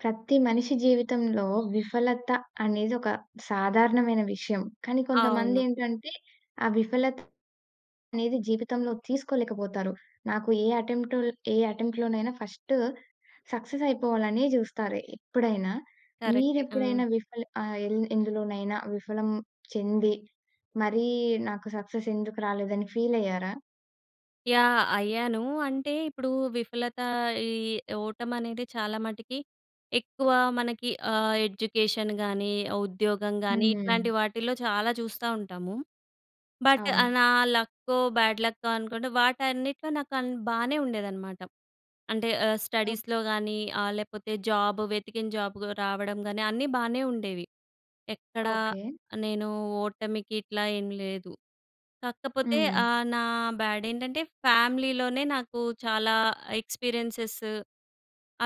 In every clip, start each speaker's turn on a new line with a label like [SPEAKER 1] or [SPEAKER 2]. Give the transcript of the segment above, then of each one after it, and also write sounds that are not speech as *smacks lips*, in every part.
[SPEAKER 1] ప్రతి మనిషి జీవితంలో విఫలత అనేది ఒక సాధారణమైన విషయం. కానీ,
[SPEAKER 2] అవును.
[SPEAKER 1] కొంతమందేంటంటే, ఆ విఫలత అనేది జీవితంలో తీసుకోలేకపోతారు. నాకు ఏ యటెంప్ట్ ఏ యటెంప్ట్‌‌‌‌‌‌‌లోనైనా ఫస్ట్ సక్సెస్ అయిపోవాలనే జూస్తారు, ఎప్పుడైనా.
[SPEAKER 2] కరెక్టే ఆ!
[SPEAKER 1] మీరెప్పుడైనా విఫల ఆహ్, ఎల్ ఎందులోనైనా విఫలం చెంది, మరీ నాకు సక్సెస్ ఎందుకు రాలేదని ఫీలయ్యారా?
[SPEAKER 2] యాహ్! అయ్యాను. అంటే ఇప్పుడు విఫలత ఈ ఓటమనేది చాలా మటికి ఎక్కువ మనకి ఆహ్, ఎడ్యుకేషన్ గాని, ఉద్యోగం గాని ఇట్లాంటి
[SPEAKER 1] హ్మ్.
[SPEAKER 2] వాటిల్లో చాలా చూస్తా ఉంటాము. బట్ ఆహ్,
[SPEAKER 1] అవును.
[SPEAKER 2] నా లక్కో బ్యాడ్ లక్కో అనుకుంటే వాటన్నిటిలో నాకన్ బానే ఉండేదనమాట. అంటే ఆహ్,
[SPEAKER 1] ఓకే.
[SPEAKER 2] స్టడీస్‍లో గాని, ఆహ్, లేపోతే జాబు వెతికిన జాబ్ గ్ రావడం గాని అన్నీ బానే ఉండేవి. ఎక్కడ
[SPEAKER 1] ఓకే.
[SPEAKER 2] నేను ఓటమికిట్లా ఏం లేదు. కాకపోతే
[SPEAKER 1] హ్మ్.
[SPEAKER 2] ఆహ్, నా బ్యాడేంటంటే ఫ్యామిలీలోనే, నాకు చాలా ఎక్స్‌పీరియెన్సెస్‌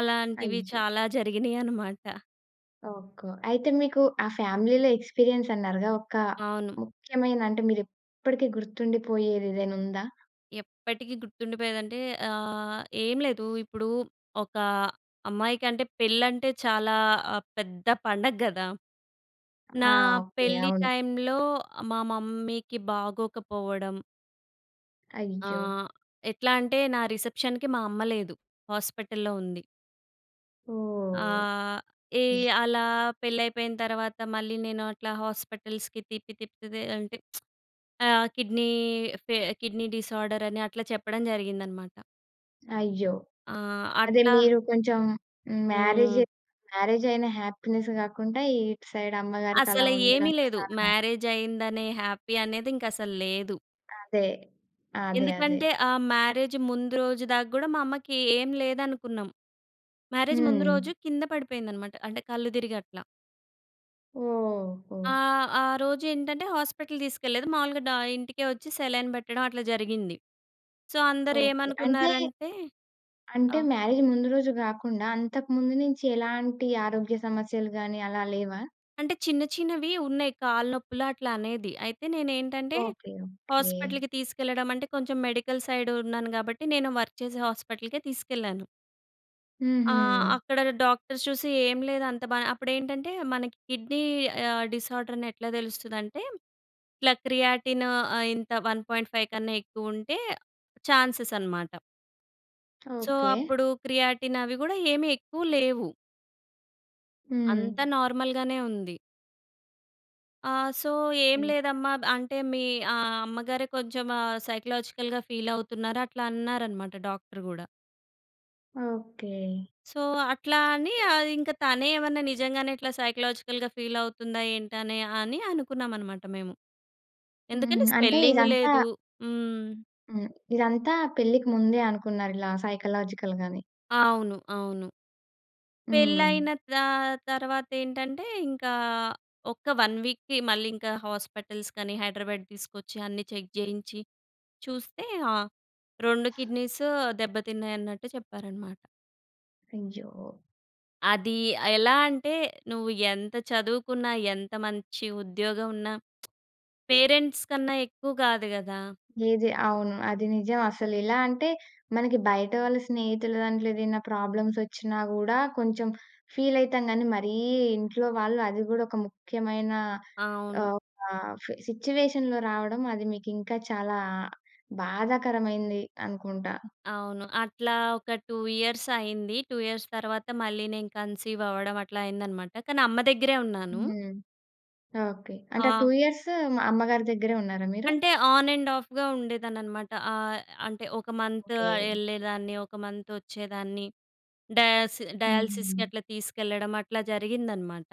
[SPEAKER 2] అలాంటివి
[SPEAKER 1] అయ్యో!
[SPEAKER 2] చాలా జరిగినయి అనమాట.
[SPEAKER 1] ఓకొ. అయితే మీకు ఆ ఫ్యామిలీ‌లో ఎక్స్‌పిరియన్స్ అన్నారుగా ఒక
[SPEAKER 2] అవును.
[SPEAKER 1] ముఖ్యమైన అంటే మీరు ఇప్పడికి గుర్తుండిపోయేది ఏదైనా ఉందా?
[SPEAKER 2] ఎప్పటికీ గుర్తుండిపోయేదంటే ఆహ్, ఏం లేదు. ఇప్పుడు ఒక అమ్మాయికంటే పెళ్ళంటే చాలా పెద్ద పండగ కదా!
[SPEAKER 1] ఆ!
[SPEAKER 2] నా
[SPEAKER 1] ఓకె.
[SPEAKER 2] పెళ్ళి
[SPEAKER 1] అవును.
[SPEAKER 2] టైమ్‌లో మా మమ్మీకి బాగోకపోవడం.
[SPEAKER 1] అయ్యో!
[SPEAKER 2] ఆహ్, ఎట్లా అంటే నా రిసెప్షన్‍కి మా అమ్మ లేదు, హాస్పిటల్‌లో ఉంది.
[SPEAKER 1] ఓహ్!
[SPEAKER 2] ఆహ్, ఈ అలా పెళైపోయిన తర్వాత మళ్ళీ నేను అట్లా హాస్పిటల్స్‌కి తిప్పి తిప్పితి అంటే *smacks lips* ఆ కిడ్నీ ఫే కిడ్నీ డిసార్డర్ అని అట్లా చెప్పడం జరిగిందనమాట.
[SPEAKER 1] అయ్యో!
[SPEAKER 2] ఆ!
[SPEAKER 1] అదే
[SPEAKER 2] అట్లా
[SPEAKER 1] మీరు కొంచెం మ్యారేజై
[SPEAKER 2] హ్మ్.
[SPEAKER 1] మ్యారేజైన హ్యాపీనెస్ కాకుండా ఇటు సైడ్ అమ్మగారికి అలా
[SPEAKER 2] అసల ఏమి
[SPEAKER 1] ఉండడం
[SPEAKER 2] లేదు.
[SPEAKER 1] చాలా
[SPEAKER 2] మ్యారేజైదనే హ్యాపీ అనేది ఇంక అసలు లేదు.
[SPEAKER 1] అదే. అదే, అదే.
[SPEAKER 2] ఎందుకంటే ఆ మ్యారేజ్ ముందు రోజు దాకా కూడా మా అమ్మకి ఏం లేదనుకున్నాం. మ్యారేజ్ ముందు
[SPEAKER 1] హ్మ్.
[SPEAKER 2] రోజు కింద పడిపోయిందనమాట అంటే కళ్ళు తిరిగి అట్లా.
[SPEAKER 1] ఓహో!
[SPEAKER 2] ఆహ్, ఆ రోజేంటంటే హాస్పటల్ తీసుకెళ్లేదు. మావులుగా డా ఇంటికే ఒచ్చి సెలైన్ పెట్టడం అట్లా జరిగింది. So,
[SPEAKER 1] okay. అంటే,
[SPEAKER 2] అందరేమనుకున్నారంటే,
[SPEAKER 1] అంటే,
[SPEAKER 2] ఆహ్
[SPEAKER 1] మ్యారేజ్ ముందు రోజు గాకుండా, అంతకు ముందు నుంచి ఎలాంటి ఆరోగ్య సమస్యలు గానీ, అలా లేవా?
[SPEAKER 2] అంటే, చిన్న చిన్నవి ఉన్నయి. కాళ్ళు నొప్పులు అట్లనేది. అయితే, నేనేంటంటే,
[SPEAKER 1] ఓకే. ఓకే.
[SPEAKER 2] హాస్పటల్‍కి తీసుకెళ్ళడమంటే, కొంచం మెడికల్ సైడు ఉన్నాను గాబట్టి, నేను వర్క్ చేసే హాస్పటల్‌కే తీసుకెళ్ళాను. ఆ!
[SPEAKER 1] హుహు.
[SPEAKER 2] అక్కడగ డాక్టర్స్ చూసి, ఏం లేదు. అంత బా అప్పుడేంటంటే, మనకి కిడ్నీ ఆహ్, డిసార్దరనెట్లా తెలుస్తదంటే, ఇట్లా క్రియాటిన్ ఆహ్, ఇంత 1.5 కన్నా ఎక్కువుంటే ఛాన్సెసనమాట. So,
[SPEAKER 1] okay.
[SPEAKER 2] అప్పుడు క్రియాటిన్ అవి గూడా ఏమి ఎక్కువ లేవు. అంతా
[SPEAKER 1] హ్మ్.
[SPEAKER 2] నార్మల్‌గానే ఉంది. ఆ! సో, "ఏం లేదమ్మా. అంటే, మీ ఆహ్, అమ్మగారే కొంచం ఆహ్, సైకలాజికల్‌గా ఫీలవుతున్నారు" అట్లా అన్నారనమాట డాక్టర్ గూడా.
[SPEAKER 1] ఓకే.
[SPEAKER 2] సో, అట్లా అనీ
[SPEAKER 1] త
[SPEAKER 2] ఆహ్, ఇంక తనే ఏవన్నా నిజంగానే ఇట్లా సైకలాజికల్‌గా ఫీలవుతుందా ఏంటనే, అని అనుకున్నామనమాట మేము.
[SPEAKER 1] హుహు.
[SPEAKER 2] ఎందుకంటే,
[SPEAKER 1] అంటే,
[SPEAKER 2] స్వెల్లింగు
[SPEAKER 1] ఇదంతా
[SPEAKER 2] లేదు. హ్మ్.
[SPEAKER 1] హ్మ్. ఇదంతా పెళ్ళికి ముందే అనుకున్నారిలా సైకలాజికల్‌గని.
[SPEAKER 2] అవును, అవును. పెళ్లి
[SPEAKER 1] హ్మ్.
[SPEAKER 2] అయిన తా తర్వాత ఏంటంటే, ఇంకా ఒక్క 1 వీక్‌కి మళ్ళీ ఇంకా హాస్పిటల్స్‌కని హైదరాబాద్ తీసుకొచ్చి, అన్నీ చెక్ చేయించి, చూస్తే, ఆ 2 కిడ్నీస్ దెబ్బతిన్నాయి అన్నట్టు చెప్పారనమాట.
[SPEAKER 1] అయ్యో!
[SPEAKER 2] అది, ఆహ్, ఎలా అంటే నువ్వు ఎంత చదువుకున్నా, ఎంత మంచి ఉద్యోగం ఉన్న పేరెంట్స్ కన్నా ఎక్కువ కాదు కదా!
[SPEAKER 1] ఏది? అవును. అది నిజం. అసలు ఎలా అంటే, మనకి బయట వాళ్ళ స్నేహితుల దాంట్లో ఏదైనా ప్రాబ్లమ్స్ వచ్చినా గూడా, కొంచెం ఫీల్ అయితం గనీ, మరీ ఇంట్లో వాళ్ళు అది గూడా ఒక ముఖ్యమైన,
[SPEAKER 2] అవును.
[SPEAKER 1] ఆహ్, ఒక ఫే సిట్యుయేషన్‌లో రావడం, అది మీకు ఇంకా చాలా బాధాకరమైంది అనుకుంటా!
[SPEAKER 2] అవును, అట్లా ఒక 2 ఇయర్స్ అయింది. 2 ఇయర్స్ తర్వాత, మళ్ళీ నేను కన్సీవ్ అవ్వడం అట్లా అయ్యింది అనమాట. కానీ, అమ్మ దగ్గరే ఉన్నాను.
[SPEAKER 1] హ్మ్. ఓకే. అంటే 2
[SPEAKER 2] ఆ!
[SPEAKER 1] ఇయర్స్ అమ్మగారి దగ్గరే ఉన్నారా మీరు?
[SPEAKER 2] అంటే, ఆన్ అండ్ ఆఫ్‌గా ఉండేదాననమాట. ఆహ్, అంటే, ఒక
[SPEAKER 1] ఆ!
[SPEAKER 2] Month
[SPEAKER 1] okay.
[SPEAKER 2] ఎళ్ళేదాన్ని, ఒక మంత్ వచ్చేదాన్ని. డయాస్ డయాలిసిస్‌కి
[SPEAKER 1] హుహు.
[SPEAKER 2] అట్లా తీసుకెళ్లడం అట్లా జరిగిందనమాట.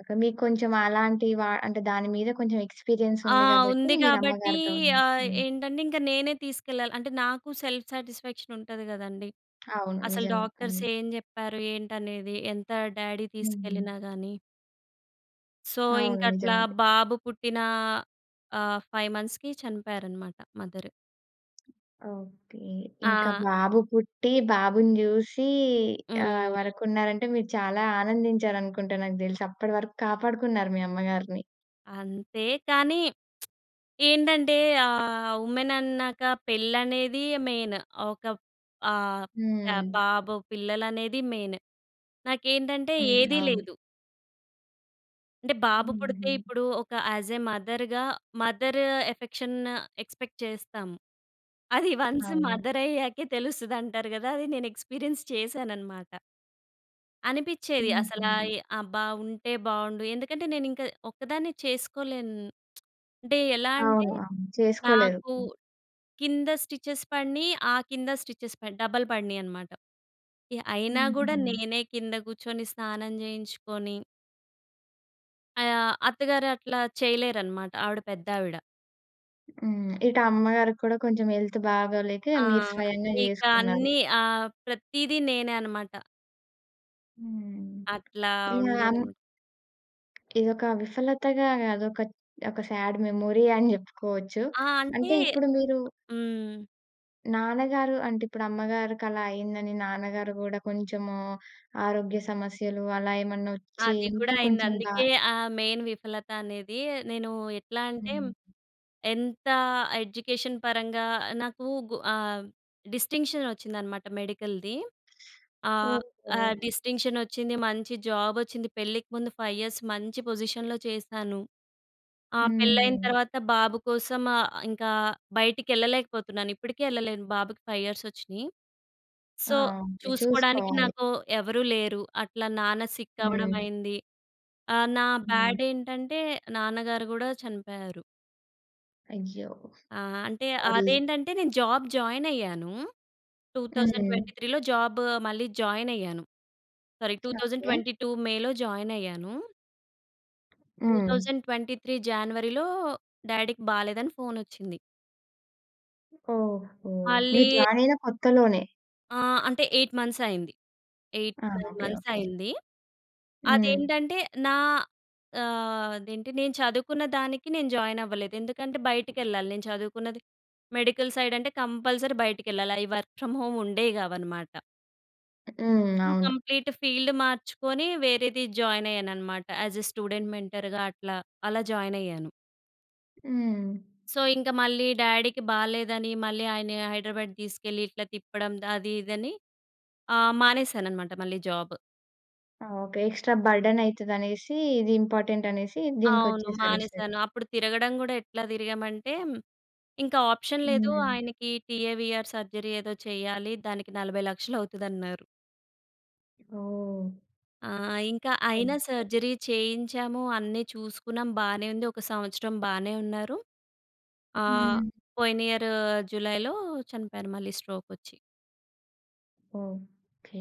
[SPEAKER 1] ఓకే. మీకు కొంచెం అలాంటి వా అంటే, దాని మీద కొంచెం ఎక్స్పీరియన్స్
[SPEAKER 2] ఆ!
[SPEAKER 1] ఉంది. కాబట్టి
[SPEAKER 2] ఉంది
[SPEAKER 1] మీరు
[SPEAKER 2] కాబట్టి.
[SPEAKER 1] అమ్మగారితో ఉన్నారు.
[SPEAKER 2] ఆహ్,
[SPEAKER 1] హ్మ్.
[SPEAKER 2] ఏంటంటే, ఇంక నేనే తీసుకెళ్లాలి. అంటే నాకు సెల్ఫ్ సాటిస్ఫాక్షన్ ఉంటది కదండీ!
[SPEAKER 1] అవును.
[SPEAKER 2] అసలు
[SPEAKER 1] నిజంగా.
[SPEAKER 2] డాక్టర్స్
[SPEAKER 1] హ్మ్.
[SPEAKER 2] ఏం చెప్పారు, ఏంటనేది ఎంత డ్యాడీ
[SPEAKER 1] హ్మ్. హ్మ్.
[SPEAKER 2] తీసుకెళ్ళినా గాని. సో, ఇంక
[SPEAKER 1] అవును. నిజం
[SPEAKER 2] అట్లా
[SPEAKER 1] అది.
[SPEAKER 2] బాబు పుట్టినా ఆహ్, 5 మంత్స్‌కి చనిపోయారన్నమాట మదరు.
[SPEAKER 1] ఓకే. ఇంకా
[SPEAKER 2] ఆ!
[SPEAKER 1] బాబు పుట్టి, బాబుని చూసి, ఆహ్,
[SPEAKER 2] హ్మ్.
[SPEAKER 1] వరకు ఉన్నారంటే మీరు చాలా ఆనందించారు అనుకుంట నాకు తెలిసి. అప్పటి వరకు కాపాడుకున్నారు మీ అమ్మగారిని.
[SPEAKER 2] అంతే. కానీ *smacks lips* ఏంటంటే ఆహ్, ఉమెన్ అన్నాక పెళ్ళనేది మెయిన్. ఒక ఆహ్, క
[SPEAKER 1] హ్మ్.
[SPEAKER 2] బాబు పిల్లలనేది మెయిన్ నాకేంటంటే
[SPEAKER 1] హ్మ్.
[SPEAKER 2] ఏదీ
[SPEAKER 1] అవును.
[SPEAKER 2] లేదు. అంటే. బాబు పుడితే
[SPEAKER 1] హుహు.
[SPEAKER 2] ఇప్పుడు, ఒక యాజే మదర్‌గా, మదర్ ఎఫెక్షన్ ఎక్సపెక్ట్ చేస్తాం. అది *chuckles* వన్స్
[SPEAKER 1] అవును.
[SPEAKER 2] మదర్ అయ్యాకే తెలుస్తది అంటారు కదా! అది నేను ఎక్స్పీరియన్స్ చేసానన్నమాట. అనిపిచేది అసలా
[SPEAKER 1] హుహు.
[SPEAKER 2] ఎ అబ్బా! ఉంటే బాగుండు. ఎందుకంటే, నేను ఇంకా ఒక్కదాన్నే చేసుకోలేను. *smacks lips* అంటే ఎలా అంటే,
[SPEAKER 1] అవును. అవును. చేసుకోలేరు.
[SPEAKER 2] నాకు
[SPEAKER 1] హ్మ్.
[SPEAKER 2] కింద స్టిచెస్ పడినయి, ఆ కింద స్టిచెస్ పడి డబల్ పడినియన్నమాట. యాహ్! అయినా కూడా
[SPEAKER 1] హుహు.
[SPEAKER 2] నేనే కింద కూర్చుని స్నానం చేయించుకోని ఆహ్, అత్తగారు అట్లా చేయలేరన్నమాట. ఆవిడ పెద్దావిడ.
[SPEAKER 1] హ్మ్. ఇటు అమ్మగారికి కూడా కొంచెం హెల్త్ బాగోలేక
[SPEAKER 2] ఆ!
[SPEAKER 1] మీరు స్వయంగా
[SPEAKER 2] ఇక
[SPEAKER 1] జేసుకున్నారు.
[SPEAKER 2] అన్నీ ఆహ్, ప్రతీది నేనే అన్నమాట.
[SPEAKER 1] హ్మ్.
[SPEAKER 2] అట్లా
[SPEAKER 1] ఇలా అం
[SPEAKER 2] ఉండేదన
[SPEAKER 1] ఇదొక విఫలతగా గాదు ఒక ఒక సాడ్ మెమొరీ అని జెప్పుకోవచ్చు.
[SPEAKER 2] ఆ! అంటే
[SPEAKER 1] అంటే ఇప్పుడు మీరు
[SPEAKER 2] హ్మ్.
[SPEAKER 1] నాన్నగారు అంటే ఇప్పుడు అమ్మగారికలా అయిందని, నాన్నగారు గూడా కొంచెము ఆరోగ్య సమస్యలు అలా ఏమన్నా ఒచ్చి
[SPEAKER 2] అది గూడా
[SPEAKER 1] ఇంకా
[SPEAKER 2] అయింది.
[SPEAKER 1] కొంచెం బా
[SPEAKER 2] అందుకే ఆ మెయిన్ విఫలత అనేది. నేను ఎట్లా అంటే
[SPEAKER 1] హ్మ్.
[SPEAKER 2] ఎంత ఎడ్యుకేషన్ పరంగా నాకు గు ఆహ్, డిస్టింక్షన్ వచ్చిందన్నమాట మెడికల్‌ది. ఆహ్,
[SPEAKER 1] ఓకే.
[SPEAKER 2] ఆహ్, డిస్టింక్షన్ వచ్చింది, మంచి జాబ్ వచ్చింది. పెళ్ళికి ముందు 5 ఇయర్స్ మంచి పొజిషన్‌లో చేశాను. ఆ పెళ్ళయిన
[SPEAKER 1] హ్మ్.
[SPEAKER 2] తర్వాత బాబు కోసం ఆహ్, ఇంకా బయటికి యెళ్ళలేకపోతున్నాను. ఇప్పటికీ యెళ్ళలేను, బాబుకి 5 ఇయర్స్ ఒచ్చినాయి.
[SPEAKER 1] ఆ!
[SPEAKER 2] So
[SPEAKER 1] okay.
[SPEAKER 2] చూసుకోడానికి
[SPEAKER 1] చూసుకోవాలి.
[SPEAKER 2] నాకు ఎవరూ లేరు. అట్లా నాన్న సిక్ అవ్వడం
[SPEAKER 1] హ్మ్.
[SPEAKER 2] అయింది. ఆహ్, నా
[SPEAKER 1] హ్మ్.
[SPEAKER 2] బ్యాడ్ ఏంటంటే నాన్నగారు గూడా చనిపోయారు.
[SPEAKER 1] అయ్యో!
[SPEAKER 2] ఆ! అంటే
[SPEAKER 1] అది
[SPEAKER 2] అదేంటంటే నేను జాబ్ జాయిన్ అయ్యాను. Two thousand
[SPEAKER 1] hmm.
[SPEAKER 2] ట్వంటీ త్రీ‌లో జాబు మళ్ళీ జాయిన్ అయ్యాను. Sorry two thousand
[SPEAKER 1] okay.
[SPEAKER 2] Twenty two మే‌లో జాయినైయ్యాను. Two
[SPEAKER 1] hmm.
[SPEAKER 2] Thousand twenty three జాన్వరి‌లో డ్యాడీ‌కి బాలేదని ఫోనోచ్చింది.
[SPEAKER 1] ఓహో! మీరు
[SPEAKER 2] మళ్ళీ
[SPEAKER 1] జాయిన్ అయిన కొత్తలోనే.
[SPEAKER 2] ఆ! అంటే 8 మంత్స్ అయింది. ఎయిట్
[SPEAKER 1] ఆ!
[SPEAKER 2] Nine
[SPEAKER 1] okay,
[SPEAKER 2] months
[SPEAKER 1] okay.
[SPEAKER 2] అయింది.
[SPEAKER 1] హ్మ్.
[SPEAKER 2] అదేంటంటే నా ఆహ్, అదేంటి నేను చదువుకున్న దానికి నేను జాయిన్ అవ్వలేదు, ఎందుకంటే బయటికెళ్ళాలి. నేను చదువుకున్నది మెడికల్ సైడ్ అంటే కంపల్సరీ బయటికెళ్ళాలి. అవి వర్క్ ఫ్రమ్ హోమ్ ఉండేవి కావన్నమాట.
[SPEAKER 1] హ్మ్.
[SPEAKER 2] సొ,
[SPEAKER 1] అవును.
[SPEAKER 2] కంప్లీట్ ఫీల్డ్ మార్చుకొని వేరేది జాయిన్ అయ్యానున్నమాట. యాస్ ఏ స్టూడెంట్ మెంటర్‌గా అట్లా అలా జాయిన్ అయ్యాను.
[SPEAKER 1] హ్మ్.
[SPEAKER 2] సో ఇంక మళ్ళీ డ్యాడీకి బాలేదని మళ్ళీ ఆయన్ని హైడ్రాబాడ్ తీసుకెళ్ళి, ఇట్లా తిప్పడం అది ఇదని ఆహ్, మానేసానన్నమాట మళ్ళీ జాబు.
[SPEAKER 1] ఓకే. ఎక్స్‌ట్ర బర్డెనైతది అనేసి, ఇది ఇంపార్టెంట్ అనేసి
[SPEAKER 2] అవును
[SPEAKER 1] దీనికొచ్చేసారు ఇటు సైడ్.
[SPEAKER 2] మానేసాను. అప్పుడు తిరగడం కూడా ఎట్లా తిరిగామంటే, ఇంకా ఆప్షన్ లేదు.
[SPEAKER 1] హ్మ్.
[SPEAKER 2] ఆయనకి టీఏవీఆర్ సర్జరీ ఏదో చేయాలి, దానికి 40,00,000 అవుతదన్నారు.
[SPEAKER 1] ఓహ్!
[SPEAKER 2] ఆ! ఇంక అయినా సర్జరీ చేయించాము. అన్నీ చూసుకున్నాం, బానే ఉంది. ఒక సంవత్సరం బానే ఉన్నారు. ఆ!
[SPEAKER 1] హ్మ్.
[SPEAKER 2] పోయినియరూ జులైలో చనిపోయారు మళ్ళీ స్ట్రోకొచ్చి.
[SPEAKER 1] ఓకే.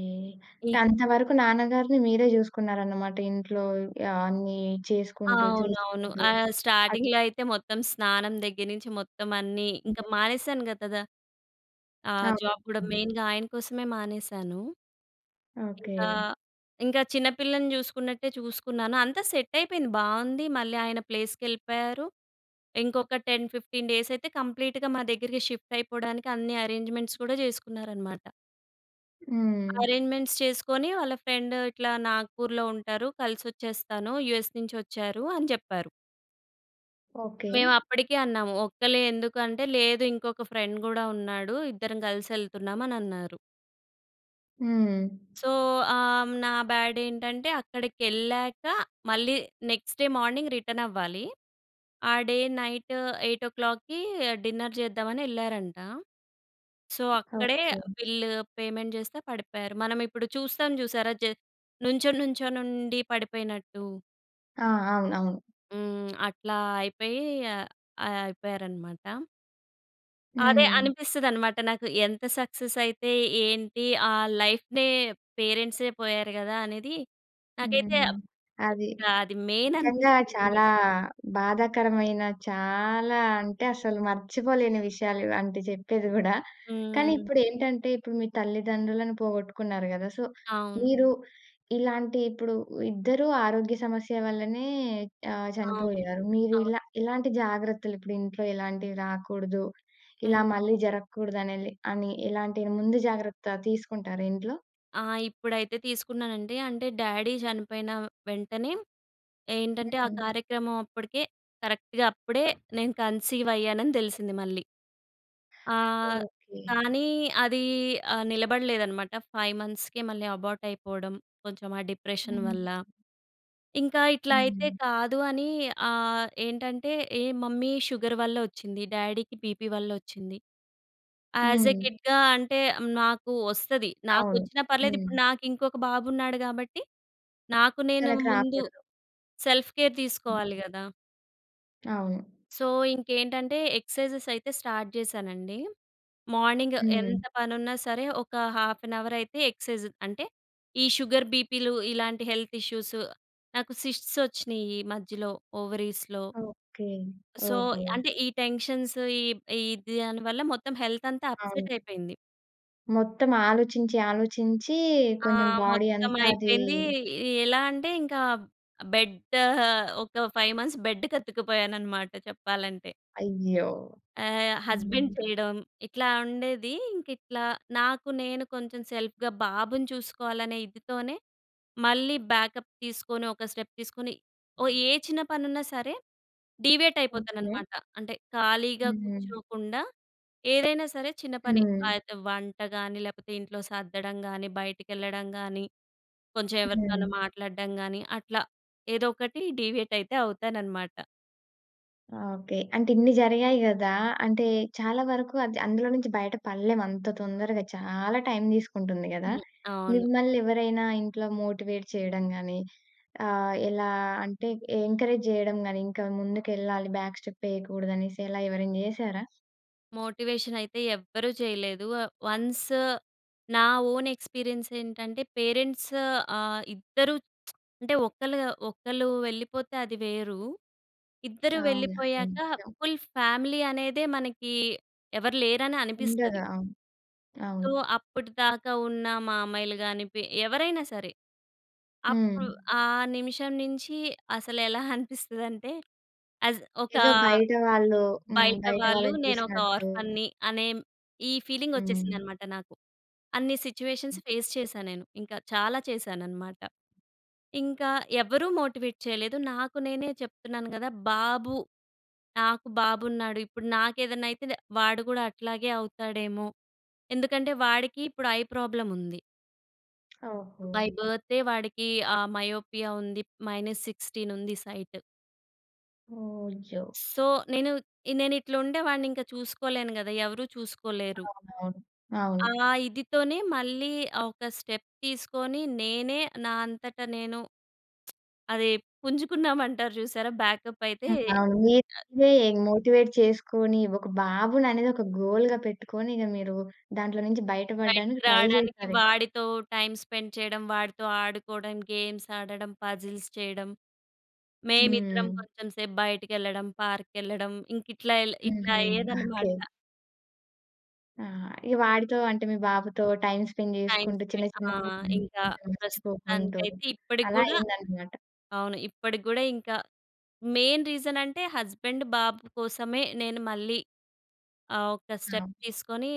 [SPEAKER 2] ఏ
[SPEAKER 1] అంటే, అంత వరకు నాన్నగారిని మీరే జూసుకున్నారనమాట. ఇంట్లో య అన్నీ చేసుకుంటూ,
[SPEAKER 2] అవునవును.
[SPEAKER 1] చూసుకుంటూ.
[SPEAKER 2] ఆహ్,
[SPEAKER 1] అట్
[SPEAKER 2] స్టార్టింగ్‌లో అయితే, మొత్తం స్నానం దెగ్గిర నించి మొత్తమన్నీ. ఇంక మానేసానుగ కదా! ఆహ్, జాబ్ కూడా
[SPEAKER 1] అవును.
[SPEAKER 2] మెయిన్‌గా ఆయన కోసమే మానేశాను. ఇంకా,
[SPEAKER 1] ఓకే.
[SPEAKER 2] ఇంక చిన్నపిల్లని చూసుకున్నట్టే చూసుకున్నాను. అంతా సెట్టయిపోయింది. బావుంది. మళ్ళీ ఆయన ప్లేస్‌కెళ్ళిపోయారు. ఇంకొక 10, 15 డేసయితే కంప్లీట్‌గా మా దగ్గరికి షిఫ్టయిపోడానికి అన్ని అరేంజ్‌మెంట్స్ కూడా చేసుకున్నారనమాట.
[SPEAKER 1] హ్మ్.
[SPEAKER 2] అరేంజ్‌మెంట్స్ చేసుకొని, వాళ్ళ ఫ్రెండ్ ఇట్లా నాగ్‌పూర్‌లో ఉంటారు, కలిసొచ్చేస్తాను, యూఎస్ నుంచొచ్చారు అని చెప్పారు.
[SPEAKER 1] ఓకే.
[SPEAKER 2] మేవప్పడికే అన్నాము, ఒక్కళ్ళే ఎందుకంటే, లేదు ఇంకొక ఫ్రెండ్ గూడా ఉన్నాడు. ఇద్దరం గలిసెళ్తున్నామనన్నారు.
[SPEAKER 1] హ్మ్.
[SPEAKER 2] సో, ఆహ్, హ్మ్, నా బ్యాడేంటంటే, అక్కడకెళ్ళాక మళ్ళీ నెక్స్ట్ డే మార్నింగ్ రిటర్నవ్వాలి. ఆ డే నైట్ 8:00 ఓ క్లాక్‌కీ డిన్నర్ జేద్దామని యెళ్ళారంట. సో, అక్కడే
[SPEAKER 1] ఓకే.
[SPEAKER 2] ఆహ్, బిల్లు, పేమెంట్ జేస్తా పడిపోయారు. మనమిప్పుడు చూస్తాం జూశారా? జ నుంచోనుంచోనుండి పడిపోయినట్టు.
[SPEAKER 1] ఆ! అవును. అవును.
[SPEAKER 2] హ్మ్. అట్లా అయిపోయి, అయిపోయారనమాట. అదే
[SPEAKER 1] హ్మ్.
[SPEAKER 2] అనిపిస్తది అన్నమాట నాకు, ఎంత సక్సెస్ అయితే ఏంటి? ఆ లైఫ్‌నే, పేరెంట్సే పోయారు కదా! అనేది, నాకైతే
[SPEAKER 1] హ్మ్. అది.
[SPEAKER 2] ఇంకా అది మెయిన్
[SPEAKER 1] నిజంగా
[SPEAKER 2] అనిపిస్తుంది మరి
[SPEAKER 1] చాలా బాధాకరమైన చాలా అంటే, అసలు మర్చిపోలేని విషయాలు ఇవాంటివి చెప్పేది కూడా. కానీ,
[SPEAKER 2] హ్మ్.
[SPEAKER 1] ఇప్పుడు ఏంటంటే ఇప్పుడు మీ తల్లిదండ్రులను పోగొట్టుకున్నారు కదా! సో,
[SPEAKER 2] అవును.
[SPEAKER 1] మీరు ఇలాంటి ఇప్పుడు ఇద్దరూ ఆరోగ్య సమస్య వల్లనే ఆహ్,
[SPEAKER 2] అవును.
[SPEAKER 1] చనిపోయారు. మీరు
[SPEAKER 2] అవును.
[SPEAKER 1] ఇలా ఇలాంటి జాగ్రత్తలు ఇప్పుడు ఇంట్లో ఇలాంటివి రాకూడదు, ఇలా
[SPEAKER 2] హ్మ్.
[SPEAKER 1] మళ్ళీ జరగకూడదనేది అని, ఎలాంటి ముందు జాగ్రత్త తీసుకుంటారా ఇంట్లో?
[SPEAKER 2] ఆ! ఇప్పుడైతే తీసుకున్నానండి. అంటే, డ్యాడీ చనిపోయిన వెంటనే
[SPEAKER 1] హ్మ్.
[SPEAKER 2] ఏంటంటే ఆ
[SPEAKER 1] హ్మ్.
[SPEAKER 2] కార్యక్రమం అప్పడికే కరెక్ట్‌గా అప్పుడే నేను కన్సీవ్ అయ్యానని తెలిసింది మళ్ళీ. ఆ!
[SPEAKER 1] ఓకే.
[SPEAKER 2] కానీ, అది ఆహ్, నిలబడలేదనమాట. 5 మంత్స్‌కే మళ్ళీ అబార్ట్ అయిపోవడం, కొంచెం ఆ డిప్రెషన్
[SPEAKER 1] హ్మ్.
[SPEAKER 2] వల్ల. ఇంకా ఇట్లా అయితే
[SPEAKER 1] హ్మ్.
[SPEAKER 2] కాదు అని ఆహ్, ఏంటంటే, ఏ మమ్మీ షుగర్ వల్ల వచ్చింది, డ్యాడీకి బీపీ వల్ల ఓచ్చింది. యాస్ ఏ
[SPEAKER 1] హ్మ్.
[SPEAKER 2] కిడ్‌గా అంటే నాకు ఓస్తది. నాకు
[SPEAKER 1] అవును.
[SPEAKER 2] ఓచ్చినా పర్లేదు
[SPEAKER 1] హ్మ్.
[SPEAKER 2] ఇప్పుడు నాకు ఇంకొక బాబు ఉన్నాడు కాబట్టి, నాకు నేను
[SPEAKER 1] తనకి
[SPEAKER 2] ముందు
[SPEAKER 1] రాకూడదు.
[SPEAKER 2] సెల్ఫ్ కేర్ తీసుకోవాలి కదా!
[SPEAKER 1] అవును.
[SPEAKER 2] సో, ఇంకేంటంటే, ఎక్సర్సైజెస్ అయితే స్టార్ట్ చేశానండి. మార్నింగ్
[SPEAKER 1] హ్మ్.
[SPEAKER 2] ఎంత పనున్నా సరే! ఒక హాఫ్ అన్ అవర్ అయితే ఎక్సేర్సైజ్ అంటే ఈ షుగర్, బీపీలు ఇలాంటి హెల్త్ ఇష్యూస్. నాకు సిస్ట్స్ వచ్చినీయి మధ్యలో ఓవరీస్‌లో.
[SPEAKER 1] ఓకే.
[SPEAKER 2] సో,
[SPEAKER 1] ఓహో!
[SPEAKER 2] అంటే ఈ టెన్షన్స్ ఈ, ఈ దానివల్ల మొత్తం హెల్త్ అంతా అప్సెట్
[SPEAKER 1] అవును.
[SPEAKER 2] అయిపోయింది.
[SPEAKER 1] మొత్తం ఆలోచించి, ఆలోచించీ
[SPEAKER 2] ఆ!
[SPEAKER 1] కొంచెం బాడీ
[SPEAKER 2] మొత్తం
[SPEAKER 1] అంతా అదీ
[SPEAKER 2] అయిపోయింది. ఎ ఎలా అంటే ఇంకా బెడ్ ఆహ్, ఒక 5 మంత్స్ బెడ్ కత్తుక్కుపోయానన్నమాట చెప్పాలంటే.
[SPEAKER 1] అయ్యో!
[SPEAKER 2] ఆహ్, హస్బెండ్
[SPEAKER 1] హ్మ్.
[SPEAKER 2] చేయడం ఇట్లా ఉండేది. ఇంక ఇట్లా నాకు నేను కొంచెం సెల్ఫ్‌గా బాబుని చూసుకోవాలనే ఇదితోనే మళ్ళీ బ్యాకప్ తీసుకొని ఒక స్టెప్ తీసుకొని. ఓ ఏ చిన్న పని ఉన్నా సరే! Deviate
[SPEAKER 1] okay.
[SPEAKER 2] అయిపోతాననమాట. అంటే ఖాళీగా
[SPEAKER 1] హ్మ్.
[SPEAKER 2] కూర్చోకుండా, ఏదైనా సరే చిన్న పని.
[SPEAKER 1] హ్మ్.
[SPEAKER 2] అయితే వంటగాని లేకపోతే, ఇంట్లో సర్దడంగాని బయటికెళ్ళడంగాని, కొంచెం ఎవరితోనన్న
[SPEAKER 1] హ్మ్.
[SPEAKER 2] మాట్లాడడం గాని అట్లా ఏదో ఒకటి డీవియేట్ అయితే అవుతాననమాట.
[SPEAKER 1] ఓకే. అంటే, ఇన్ని జరిగాయి గదా! అంటే, చాలా వరకు అద్ అందులో నుంచి బయట పడలేం అంత తొందరగా. చాలా టైమ్ తీసుకుంటుంది గదా!
[SPEAKER 2] హుహు. అవును.
[SPEAKER 1] మిమ్మల్నెవరైనా ఇంట్లో మోటివేట్ చెయడం గానీ ఆహ్, ఎలా అంటే, ఎ ఎంకరేజ్ జెయడం గానీ, ఇంకా ముందుకెళ్ళాలి, బ్యాక్ స్టెప్పయ్యకూడదనేసి ఎలా ఎవరైనా జేశారా?
[SPEAKER 2] మోటివేషనయితే ఎవ్వరు చెయ్యలేదు. ఆహ్, వన్స్ నా ఓనెక్స్‌పీరియన్సేంటంటే, పేరెంట్స్ ఆహ్, ఇద్దరు *tsk* అంటే, ఒకళ్ళు గ ఒకళ్ళు వెళ్ళిపోతే అది వేరు. ఇద్దరు
[SPEAKER 1] అవును. అది
[SPEAKER 2] వెళ్ళిపోయాక,
[SPEAKER 1] నిజం.
[SPEAKER 2] ఫుల్ ఫ్యామిలీ అనేదే మనకీ ఎవరు లేరనే అనిపిస్తది.
[SPEAKER 1] ఉండగా. అవును.
[SPEAKER 2] సో, అప్పటిదాకా ఉన్న మామయ్యలు గానీ, పి ఎవరైనా సరే, అప్పు
[SPEAKER 1] హ్మ్.
[SPEAKER 2] ఆ నిమిషం నించీ అసలెలా అనిపిస్తదంటే, యాజ్ ఒకా
[SPEAKER 1] ఏదో బయట వాళ్ళూ హ్మ్.
[SPEAKER 2] బయట
[SPEAKER 1] బయట
[SPEAKER 2] వాళ్ళు
[SPEAKER 1] వాళ్ళని
[SPEAKER 2] నేనొక
[SPEAKER 1] చూసినట్టు.
[SPEAKER 2] ఆర్ఫన్‌ని అనే మ్ ఈ
[SPEAKER 1] హ్మ్.
[SPEAKER 2] ఫీలింగొచ్చేసిందనమాట నాకు. అన్ని సిచ్యువేషన్స్ ఫేస్ చేశా నేను. ఇంక చాలా చేశాననమాట. ఇంకా ఎవ్వరు మోటివేట్ చెయలేదు, నాకు నేనే చెప్తున్నాను గదా! బాబు, నాకు బాబున్నాడు. ఇప్పుడు నాకేదన్నైతే దె వాడు గూడా అట్లాగే అవుతాడేమో. ఎందుకంటే, వాడికి ఇప్పుడు ఐ ప్రాబ్లముంది.
[SPEAKER 1] ఓహో!
[SPEAKER 2] బై బర్తే వాడికి ఆ మయోపియా ఉంది. -16 ఉంది సైట్.
[SPEAKER 1] ఓహ్! అయ్యో!
[SPEAKER 2] సో, నేను నేను ఇట్ల ఉండేవాడిని ఇంకా చూసుకోలేను కదా! ఎవరు చూసుకోలేరు.
[SPEAKER 1] అవునవును. అవును.
[SPEAKER 2] ఆ ఇదితోనే మళ్ళీ ఒక స్టెప్ తీసుకొని, నేనే నా అంతట నేను *smacks lips* అదే పుంజుకున్నాం అంటారు చూసారా! బ్యాకప్ అయితే
[SPEAKER 1] హ్మ్. అవును. మీకు మీరే మోటివేట్ చేసుకొని, ఒక బాబుననేది ఒక గోల్‌గా పెట్టుకొని, ఇక మీరు దాంట్లో నుంచి బయట
[SPEAKER 2] బయటికి
[SPEAKER 1] పడ్డానికి ట్రై
[SPEAKER 2] రావడానికి
[SPEAKER 1] జేసారే.
[SPEAKER 2] వాడితో టైమ్ స్పెండ్ చేయడం, వాడితో ఆడుకోవడం, గేమ్స్ ఆడడం, పజిల్స్ చేయడం, మేమిద్దరం
[SPEAKER 1] హ్మ్.
[SPEAKER 2] కొంచెం సేపు బయటకెళ్ళడం, పార్క్‌కెళ్ళడం ఇంక ఇట్లా ఏళ్ళే ఇట్లా
[SPEAKER 1] హుహు. ఓకే.
[SPEAKER 2] అయ్యేదన్నమాట.
[SPEAKER 1] ఆ! ఇక వాడితో అంటే, మీ బాబుతో టైమ్ స్పెండ్
[SPEAKER 2] టైమ్
[SPEAKER 1] చేసుకుంటూ
[SPEAKER 2] స్ప్రే
[SPEAKER 1] చిన్న, చిన్నవి
[SPEAKER 2] ఆ!
[SPEAKER 1] అలాంటివి
[SPEAKER 2] ఇంకా
[SPEAKER 1] కొంచెం మర్చిపోకుంటూ
[SPEAKER 2] ప్రస్తుతానికైతే ఇప్పటికి
[SPEAKER 1] అలా
[SPEAKER 2] కూడా
[SPEAKER 1] అయిందన్నమాట.
[SPEAKER 2] అవును. ఇప్పటికి కూడా ఇంకా మెయిన్ రీజన్ అంటే హస్బెండ్ బాబు కోసమే, నేను మళ్ళీ ఆహ్, ఒక్క స్టెప్
[SPEAKER 1] అవును.
[SPEAKER 2] తీసుకొని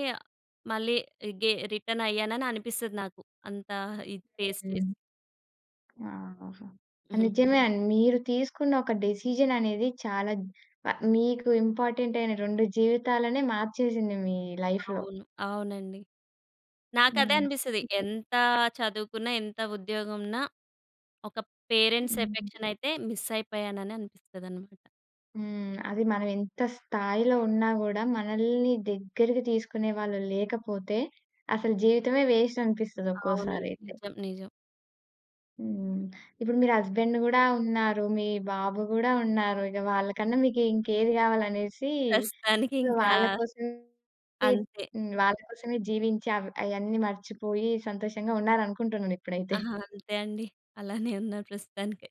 [SPEAKER 2] మళ్ళీ గే రిటర్న్ అయ్యానననిపిస్తది నాకు. అంతా ఇది ఫేస్
[SPEAKER 1] హ్మ్.
[SPEAKER 2] చేసి.
[SPEAKER 1] ఆహాహా! ఆ!
[SPEAKER 2] హుహు.
[SPEAKER 1] నిజమే అండి. మీరు తీసుకున్న ఒక డెసిషన్ అనేది చాలా జ్ మీకు ఇంపార్టెంట్ అయిన రెండు జీవితాలనే మార్చేసింది మీ లైఫ్‌లో.
[SPEAKER 2] అవును. అవునండి. నాకదే
[SPEAKER 1] హ్మ్.
[SPEAKER 2] అనిపిస్తది.
[SPEAKER 1] హుహు.
[SPEAKER 2] ఎంత చదువుకున్నా, ఎంత ఉద్యోగం ఉన్నా ఒక పేరెంట్స్
[SPEAKER 1] హ్మ్.
[SPEAKER 2] ఎఫెక్షన్ అయితే, మిస్ అయిపోయాను అననిపిస్తదనమాట.
[SPEAKER 1] హ్మ్. అది మనం ఎంత స్థాయిలో ఉన్నా కూడా, మనల్ని దగ్గరికి తీసుకునే వాళ్ళు లేకపోతే, అసలు జీవితమే వేస్ట్ అనిపిస్తది ఒక్కోసారి
[SPEAKER 2] అవునండి.
[SPEAKER 1] అయితే.
[SPEAKER 2] నిజం. నిజం.
[SPEAKER 1] హ్మ్. ఇప్పుడు మీరు హస్బెండ్ కూడా ఉన్నారు. మీ బాబు కూడా ఉన్నారు. ఇక వాళ్ళకన్నా మీకు ఇంకేది కావాలనేసి
[SPEAKER 2] ప్రస్తుతానికి
[SPEAKER 1] సొ,
[SPEAKER 2] ఇంకా
[SPEAKER 1] వాళ్ళ కోసమే
[SPEAKER 2] అంతే.
[SPEAKER 1] హ్మ్. వాళ్ళ కోసమే జీవించి అవ్ అయ్యన్నీ మర్చిపోయి సంతోషంగా ఉన్నారు అనుకుంటున్నాను. ఇప్పుడైతే.
[SPEAKER 2] అహా! అంతే అండి. అలానే ఉన్నా ప్రస్తుతానికి.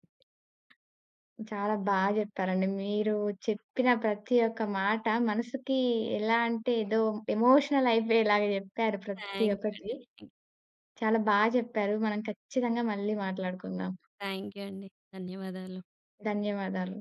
[SPEAKER 1] చాలా బాగా చెప్పారండి. మీరు చెప్పిన ప్రతి ఒక్క మాట మనసుకి ఎలా అంటే, ఏదో ఎమోషనల్ అయిపోయేలాగా చెప్పారు ప్రతి
[SPEAKER 2] థాంక్స్ యూ
[SPEAKER 1] ఒక్కటి.
[SPEAKER 2] అండి.
[SPEAKER 1] చాలా బాగా చెప్పారు. మనం ఖచ్చితంగా మళ్ళీ మాట్లాడుకుందాం.
[SPEAKER 2] థ్యాంక్ యూ అండి. ధన్యవాదాలు.
[SPEAKER 1] ధన్యవాదాలు.